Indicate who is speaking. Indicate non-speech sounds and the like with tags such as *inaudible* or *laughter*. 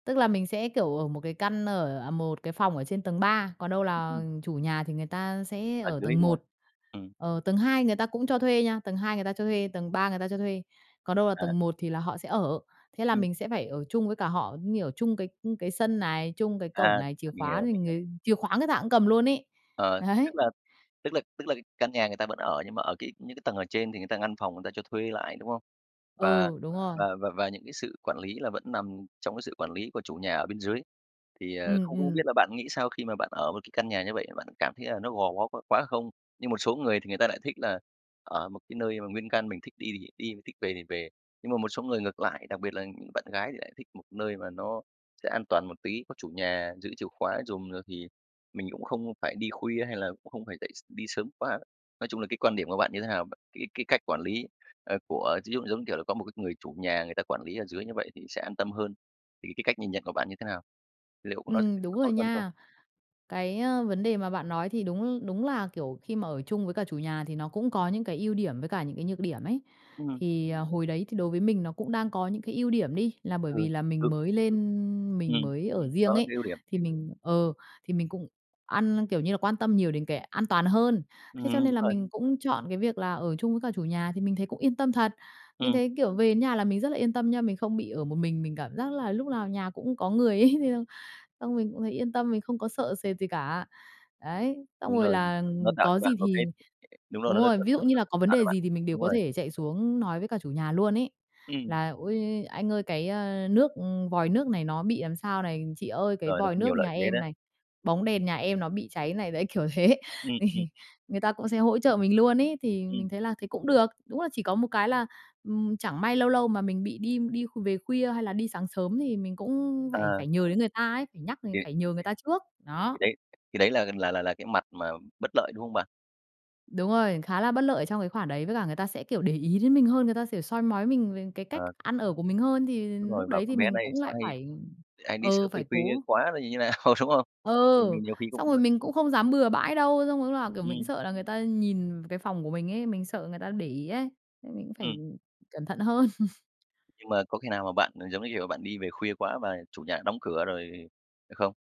Speaker 1: Tức là mình sẽ, kiểu, ở một cái căn ở, à, một cái phòng ở trên tầng 3, còn đâu là
Speaker 2: Ừm.
Speaker 1: chủ nhà thì người ta sẽ
Speaker 2: À,
Speaker 1: ở
Speaker 2: chú ý,
Speaker 1: tầng
Speaker 2: đúng hông?
Speaker 1: 1.
Speaker 2: Ừm.
Speaker 1: Ờ, tầng 2 người ta cũng cho thuê nha, tầng 2 người ta cho thuê, tầng 3 người ta cho thuê, còn đâu là
Speaker 2: À.
Speaker 1: tầng 1 thì là họ sẽ ở. Thế là
Speaker 2: Ừm.
Speaker 1: mình sẽ phải ở chung với cả họ, như kiểu, chung cái, ưm, cái sân này, chung cái cổng
Speaker 2: À,
Speaker 1: này, chìa
Speaker 2: mình
Speaker 1: khóa
Speaker 2: hiểu,
Speaker 1: thì
Speaker 2: mình hiểu.
Speaker 1: người chìa khóa người ta cũng cầm luôn ấy.
Speaker 2: Ờ, tức
Speaker 1: Đấy.
Speaker 2: là tức là tức là cái căn nhà người ta vẫn ở, nhưng mà ở cái những cái tầng ở trên thì người ta ngăn phòng người ta cho thuê lại, đúng không? Và
Speaker 1: Ừ, đúng rồi.
Speaker 2: và và và những cái sự quản lý là vẫn nằm trong cái sự quản lý của chủ nhà ở bên dưới. Thì, ờ,
Speaker 1: Ừm,
Speaker 2: không không biết
Speaker 1: ừm.
Speaker 2: là bạn nghĩ sao khi mà bạn ở một cái căn nhà như vậy? Bạn cảm thấy là nó gò bó quá quá không? Như một số người thì người ta lại thích là ở một cái nơi mà nguyên căn, mình thích đi thì đi, thích về thì về. Nhưng mà một số người ngược lại, đặc biệt là những bạn gái, thì lại thích một nơi mà nó sẽ an toàn một tí, có chủ nhà giữ chìa khóa giùm, rồi thì mình cũng không phải đi khuya hay là cũng không phải dậy s đi sớm quá. Nói chung là cái quan điểm của bạn như thế nào v cái cái cách quản lý, ơ, của ví dụ, giống kiểu là, có một cái người chủ nhà người ta quản lý ở dưới như vậy thì sẽ an tâm hơn, thì cái cách nhìn nhận của bạn như thế nào? Liệu có nó
Speaker 1: Ừm,
Speaker 2: *unintelligible*
Speaker 1: đúng
Speaker 2: có tốt
Speaker 1: rồi
Speaker 2: hơn không?
Speaker 1: nha. Cái, a, vấn đề mà bạn nói thì đúng đúng là, kiểu, khi mà ở chung với cả chủ nhà thì nó cũng có những cái ưu điểm với cả những cái nhược điểm ấy.
Speaker 2: Ừm.
Speaker 1: Thì, à, hồi đấy thì đối với mình nó cũng đang có những cái ưu điểm đi, là bởi
Speaker 2: Ừm,
Speaker 1: vì là mình
Speaker 2: ừ.
Speaker 1: mới lên, mình
Speaker 2: Ừm,
Speaker 1: mới ở
Speaker 2: đó
Speaker 1: riêng
Speaker 2: là
Speaker 1: ấy,
Speaker 2: cái ưu điểm.
Speaker 1: thì mình ờ, thì mình cũng ăn kiểu như là, quan tâm nhiều đến cái an toàn hơn.
Speaker 2: Ừm,
Speaker 1: Thế cho nên
Speaker 2: đúng
Speaker 1: là
Speaker 2: rồi.
Speaker 1: mình cũng chọn cái việc là ở chung với cả chủ nhà, thì mình thấy cũng yên tâm thật. Mình
Speaker 2: Ừm.
Speaker 1: thấy, kiểu, về đến nhà là mình rất là yên tâm nha, mình không bị ở một mình, mình cảm giác là lúc nào nhà cũng có người ấy thiêng xong mình cũng thấy yên tâm, mình không có sợ sệt gì cả. Đấy, xong
Speaker 2: Đúng
Speaker 1: rồi
Speaker 2: rồi,
Speaker 1: là,
Speaker 2: nó
Speaker 1: ừm,
Speaker 2: tạo cho
Speaker 1: có
Speaker 2: bạn
Speaker 1: gì
Speaker 2: một cái
Speaker 1: thì
Speaker 2: đúng rồi
Speaker 1: đúng rồi, ví dụ như
Speaker 2: *unintelligible*
Speaker 1: là có vấn
Speaker 2: tạo cho
Speaker 1: đề
Speaker 2: bạn
Speaker 1: gì thì mình đều
Speaker 2: đúng
Speaker 1: có
Speaker 2: rồi.
Speaker 1: thể chạy xuống nói với cả chủ nhà luôn ấy.
Speaker 2: Ừm.
Speaker 1: Là "Ôi, anh ơi cái, ơ, nước, ừm, vòi nước này nó bị làm sao" này, "Chị ơi cái
Speaker 2: Rồi, nó
Speaker 1: vòi
Speaker 2: có
Speaker 1: nước
Speaker 2: nhiều lợi
Speaker 1: nhà
Speaker 2: thế
Speaker 1: em"
Speaker 2: đấy.
Speaker 1: này, "bóng đèn nhà em nó bị cháy" này, đấy, kiểu thế,
Speaker 2: Ừm, ừm.
Speaker 1: *laughs* người ta cũng sẽ hỗ trợ mình luôn ấy, thì
Speaker 2: Ừm.
Speaker 1: mình thấy là thế cũng được. Đúng là chỉ có một cái là, ừm, chẳng may lâu lâu mà mình bị đi đi kh về khuya, hay là đi sáng sớm thì mình cũng phải
Speaker 2: À.
Speaker 1: phải nhờ đến người ta ấy, phải nhắc này,
Speaker 2: Thì
Speaker 1: phải nhờ người ta trước.
Speaker 2: Thì
Speaker 1: Đó.
Speaker 2: đấy thì đấy là là là là cái mặt mà bất lợi, đúng không bạn?
Speaker 1: Đúng rồi, khá là bất lợi ở trong cái khoản đấy, với cả người ta sẽ, kiểu, để ý đến mình hơn, người ta, kiểu, soi mói mình về cái cách
Speaker 2: Ờ.
Speaker 1: ăn ở của mình hơn, thì
Speaker 2: Đúng rồi,
Speaker 1: lúc
Speaker 2: bảo:
Speaker 1: đấy thì
Speaker 2: "Con bé
Speaker 1: mình
Speaker 2: này
Speaker 1: cũng
Speaker 2: sao
Speaker 1: lại
Speaker 2: hay
Speaker 1: phải
Speaker 2: hay đi
Speaker 1: ờ,
Speaker 2: sớm về
Speaker 1: phải
Speaker 2: khuya
Speaker 1: cố.
Speaker 2: quá, rồi như nào?" Đúng không?
Speaker 1: Ờ,
Speaker 2: Thì mình nhiều khi cũng,
Speaker 1: xong rồi
Speaker 2: ơ
Speaker 1: mình cũng không dám bừa bãi đâu, xong rồi lúc lào, kiểu, mình cũng
Speaker 2: Ừm.
Speaker 1: sợ là người ta nhìn cái phòng của mình ấy, mình sợ người ta để ý ấy, nên mình cũng phải,
Speaker 2: Ừm.
Speaker 1: ưm, cẩn thận hơn.
Speaker 2: Nhưng mà có khi nào mà bạn, giống như kiểu, bạn đi về khuya quá và chủ nhà đóng cửa rồi hay không?